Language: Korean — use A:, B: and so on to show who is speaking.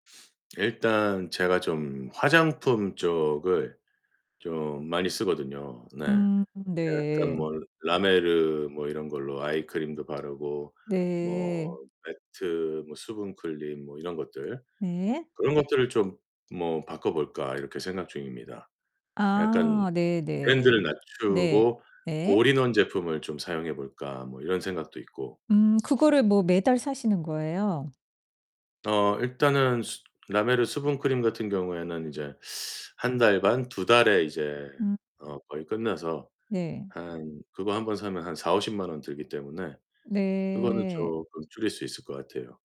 A: 일단 제가 좀 화장품 쪽을 좀 많이 쓰거든요. 네.
B: 음
A: 약간
B: 네.
A: 뭐 라메르 뭐 이런 걸로 아이크림도 바르고 뭐
B: 네.
A: 매트 뭐 수분크림 뭐 이런 것들
B: 네.
A: 그런 것들을 좀 뭐 바꿔 볼까 이렇게 생각 중입니다. '약간
B: 아
A: 브랜드를
B: 네네. 네.
A: 낮추고
B: 예.
A: 올인원 제품을 좀 사용해 볼까?' 뭐 이런 생각도 있고.
B: 음 그거를 뭐 매달 사시는 거예요?
A: 어 일단은 수 라메르 수분크림 같은 경우에는 이제 1 달 반, 2 달에 이제
B: 음.
A: 어 거의 끝나서
B: 네.
A: 한 그거 1 번 사면 한 400,000-500,000 원 들기 때문에 그거는
B: 네.
A: 쪼끔 줄일 수 있을 것 같아요.